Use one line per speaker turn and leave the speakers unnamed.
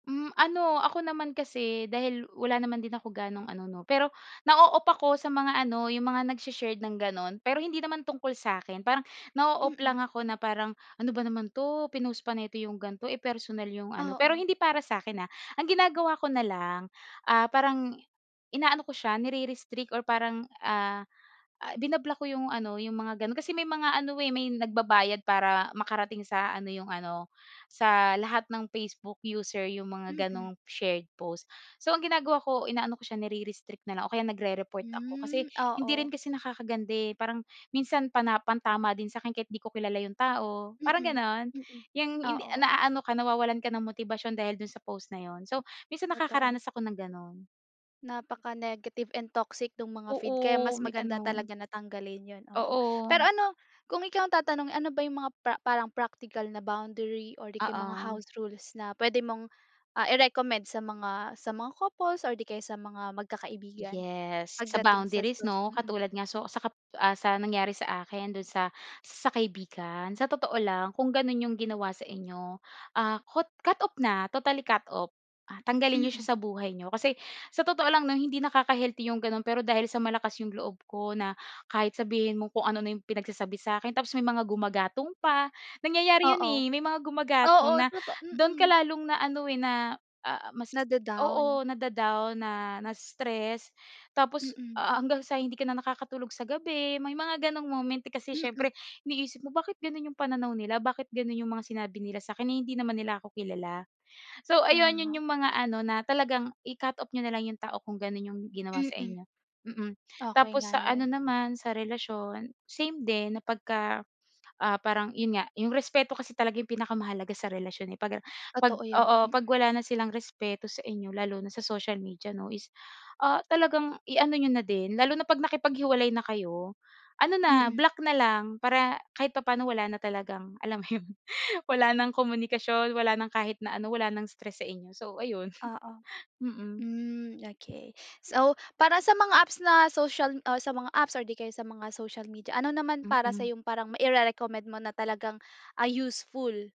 Hmm, ano, ako naman kasi dahil wala naman din ako gano'ng ano, 'no. Pero, nao-off ako sa mga ano, 'yong mga nagshe-shared ng gano'n. Pero hindi naman tungkol sa'kin parang nao-off
Mm.
lang ako na parang, "Ano ba naman 'to, pinost pa nito 'yong ganito, eh, personal 'yong ano." Pero
Oo.
hindi para sa'kin, ah, ang ginagawa ko na lang, ah, parang inaano ko siya nirerestrict or parang, ah, ah, binablock ko 'yong ano, 'yong mga gano'n. Kasi may mga ano, eh, may nagbabayad para makarating sa ano, 'yong ano, sa lahat ng Facebook user 'yong mga
Mm.
gano'ng shared post. So, ang ginagawa ko, inaano ko siya nirerestrict na lang o kaya nagre-report ako. Kasi
Hmm,
hindi rin
oo.
kasi nakakaganda, eh, parang, minsan pana pantama din sa akin kahit 'di ko kilala 'yong tao, parang
Mm,
gano'n.
mm.
'Yang hindi a
Oo.
naano ka, nawawalan ka ng motibasyon dahil do'n sa post na 'yon. So, minsan
Totoo.
nakakaranas ako ng gano'n.
Napaka-negative and toxic no'ng mga feed kaya
Oo,
mas
may
maganda
gano'n.
talaga na tanggalin 'yon, oo. Pero
Oo.
ano, kung ikaw ang tatanungin, ano ba 'yong mga pra parang practical na boundary or 'di kaya mga
Oo.
house rules na puwede mong, ah, i-recommend sa mga, sa mga couples or 'di kaya sa mga magkakaibigan?
Yes, sa
Pagdating sa
boundaries,
socia
'no.
mm.
Katulad nga, so, sa kap ah, sa nangyari sa akin doon sa, sa kaibigan. Sa totoo lang, kung gano'n 'yong ginawa sa inyo, ah, kot cut off na, totally cut off, ah, tanggalin niyo
Mm.
siya sa buhay niyo. Kasi, sa totoo lang, 'no, hindi nakaka-healthy 'yong gano'n pero dahil sa malakas 'yong loob ko na, kahit sabihin mong kung ano na 'yong pinagsasabi sa'kin, tapos may mga gumagatong pa. Nangyayari 'yon,
Oo.
eh, may mga gumagatong
Oo,
na
toto
do'n ka
mm.
lalong na ano, eh, na, ah, mas
Nada-down.
oo, nada-down, na na-stress. Tapos,
Mm.
ah, hanggang sa hindi ka na nakakatulog sa gabi, may mga gano'ng moment, eh, kasi
Mm.
siyempre, iniisip mo, bakit gano'n 'yong pananaw nila, bakit gano'n 'yong mga sinabi nila sa'kin, eh, hindi naman nila ako kilala. So ayun, 'yon
Tama.
'yong mga ano na talagang i-cut off niyo na lang 'yong tao kung gano'n 'yong ginawa sa
Mm.
inyo. Mm,
Okay
tapos
nga
sa ano
'yon.
naman, sa relasyon, same din na pagka, ah, parang, 'yon nga, 'yong respeto kasi talaga 'yong pinakamahalaga sa relasyon, eh. Pag, ah, pag
Totoo 'yan,
oo,
mm.
'pag wala na silang respeto sa inyo lalo na sa social media, 'no, is, ah, talagang i-ano niyo na din. Lalo na pag nakipaghiwalay na kayo, ano na,
Mm.
block na lang, para kahit papaano wala na talagang, alam mo 'yon, wala ng komunikasyon, wala ng kahit na ano, wala ng stress sa inyo. So ayun,
Oo.
mm.
Hmm, okay. So, para sa mga apps na social o sa mga apps or 'di kaya sa mga social media, ano naman para
Mhm.
sa'yong, parang maire-recommend mo na talagang, ah, useful?